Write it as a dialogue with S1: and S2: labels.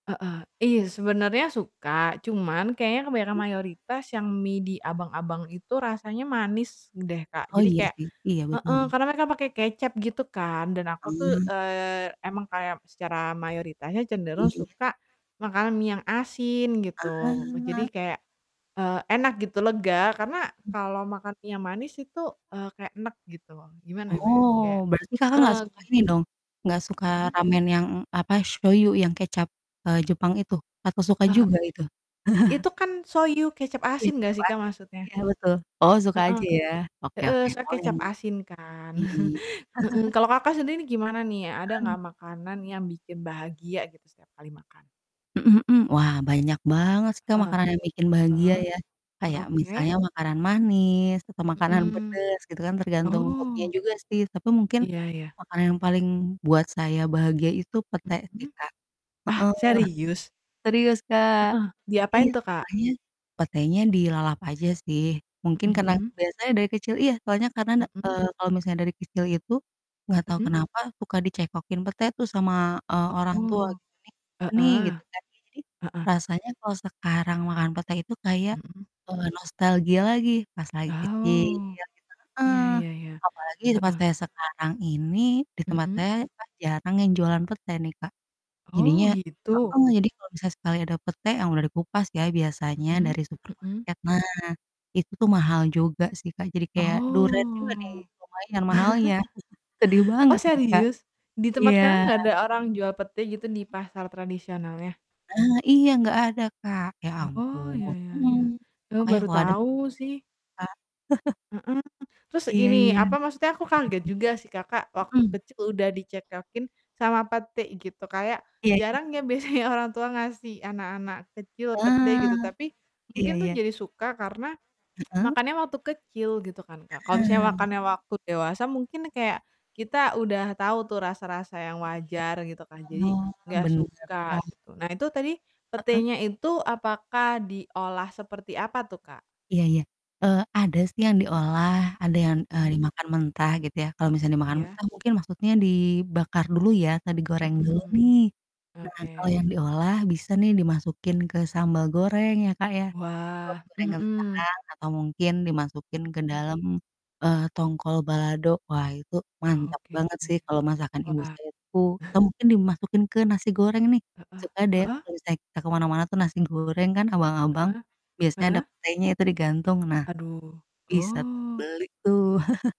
S1: Heeh, iya sebenarnya suka, cuman kayaknya kebanyakan
S2: [unintelligible]
S1: mayoritas yang mie di abang-abang itu rasanya manis deh Kak,
S2: Oh
S1: jadi
S2: iya
S1: kayak
S2: sih. Iya
S1: heeh,
S2: betul.
S1: karena mereka pakai kecap gitu kan, dan aku tuh,
S2: Hmm.
S1: eee, emang kayak secara mayoritasnya
S2: Iya
S1: cenderung
S2: ya.
S1: suka makanan mie yang asin gitu. Jadi
S2: Ah.
S1: kayak, eee, enak gitu, lega, karena
S2: M
S1: kalau makan mie yang manis itu, eee, kayak enek gitu. Gimana bilangnya, kayak,
S2: Oh, berarti Kakak enggak
S1: eee
S2: suka ini dong, enggak suka
S1: Mhm.
S2: ramen yang apa, shoyu, yang kecap, eee Jepang itu? Apa suka
S1: Eee,
S2: juga itu?
S1: itu kan shoyu kecap
S2: Iya
S1: asin enggak
S2: kecap
S1: sih Kak,
S2: asin,
S1: maksudnya?
S2: iya betul. Oh suka aja
S1: Heeh.
S2: ya, oke
S1: Heeh,
S2: oke.
S1: soalnya
S2: Oh yang
S1: kecap asin kan.
S2: iya.
S1: Heeh, kalau Kakak sendiri ini gimana nih ya, ada
S2: Mhm.
S1: enggak makanan yang bikin bahagia gitu setiap kali makan?
S2: Mhm mhm. Wah, banyak banget sih Kak,
S1: Heeh.
S2: makanan yang bikin bahagia
S1: Heeh.
S2: ya. Kayak
S1: Oke.
S2: misalnya makanan manis atau makanan
S1: Mhm.
S2: pedes gitu kan, tergantung mood-nya
S1: Oh.
S2: juga sih. Tapi mungkin
S1: Iya iya.
S2: makanan yang paling buat saya bahagia itu pete sih
S1: Mhm.
S2: Kak.
S1: Ah,
S2: Heeh.
S1: serius?
S2: Serius Kak.
S1: Heeh, diapain
S2: Iya
S1: tuh Kak?
S2: makannya, petenya dilalap aja sih. Mungkin
S1: Mhm
S2: karena
S1: mhm.
S2: kebiasa aja dari kecil iya soalnya karena na
S1: Mhm.
S2: eee kalau misalnya dari kecil itu, enggak tau
S1: Mhm.
S2: kenapa suka dicekokin pete tuh sama, eee, orang tua.
S1: Oh.
S2: ini nih, gitu
S1: Heeh.
S2: kan, ya jadi
S1: Heeh.
S2: rasanya kalau sekarang makan pete itu kayak,
S1: Mhm.
S2: eee, nostalgia lagi, pas lagi kecil
S1: Oh,
S2: gitu. Heeh.
S1: iya iya iya.
S2: Apalagi tempat
S1: Heeh.
S2: saya sekarang ini, di tempat
S1: Mhm.
S2: saya kan jarang yang jualan pete nih Kak.
S1: Oh,
S2: Jadinya
S1: gitu.
S2: heeh, jadi kalau misal sekali ada pete, yang udah dikupas ya biasanya
S1: Mhm
S2: dari
S1: mhm.
S2: supermarket, nah, itu mahal juga sih Kak. Jadi
S1: Oh.
S2: kayak duren juga nih lumayan mahalnya, sedih
S1: Oh,
S2: banget nih Kak.
S1: serius? Di tempat
S2: Iya.
S1: Kakak enggak ada orang jual pete gitu di pasar
S2: [unintelligible]
S1: tradisionalnya?
S2: Ah, iya enggak ada Kak, ya
S1: Oh, ya
S2: ampun.
S1: ya
S2: Mhm,
S1: ya. Eee,
S2: makanya
S1: baru
S2: kalau ada [unintelligible]
S1: tahu sih.
S2: Kak,
S1: Mhm. Terus
S2: Iya iya.
S1: ini,
S2: Mhm
S1: apa maksudnya aku kaget juga sih Kakak
S2: mhm.
S1: waktu
S2: Mhm.
S1: kecil udah dicekokin sama pete gitu, kayak
S2: Iya ya.
S1: jarang ya biasanya orang tua ngasih anak-anak kecil pete gitu.
S2: Ah,
S1: Tapi
S2: iya
S1: mungkin tuh
S2: iya.
S1: jadi suka karena,
S2: Heeh.
S1: makannya waktu kecil gitu kan Kak, kalau misalnya
S2: Ah.
S1: makannya waktu dewasa mungkin kayak, kita udah tahu tuh rasa-rasa yang wajar gitu kan,
S2: Iya.
S1: jadi
S2: Oh,
S1: enggak
S2: bener
S1: suka
S2: Kak.
S1: gitu. Nah itu tadi
S2: Heeh.
S1: petenya itu apakah diolah seperti apa tuh Kak?
S2: Iya iya. Eee, ada sih yang diolah, ada yang, eee,
S1: Hmm.
S2: dimakan mentah gitu ya. Kalau misalnya dimakan
S1: Iya.
S2: mentah mungkin maksudnya dibakar dulu ya atau digoreng
S1: Mhm
S2: dulu
S1: mhm.
S2: nih. Nah kalau yang
S1: Oke.
S2: diolah bisa nih dimasukin ke sambal goreng ya Kak, ya, atau
S1: Wah,
S2: goreng
S1: mmm, mhm.
S2: kentang atau mungkin dimasukin ke
S1: Mhm.
S2: dalam, eee, tongkol balado, wah itu mantap
S1: Oke.
S2: banget sih kalau masakan ibu
S1: Wah.
S2: saya tuh, atau mungkin dimasukin ke nasi goreng nih,
S1: Heeh,
S2: suka deh
S1: heeh.
S2: kalau misalnya kita ke mana-mana tuh nasi goreng kan, abang-abang
S1: Heeh,
S2: biasanya ada
S1: heeh.
S2: petenya itu digantung. Nah
S1: Aduh.
S2: bisa tuh
S1: Oh.
S2: beli tuh.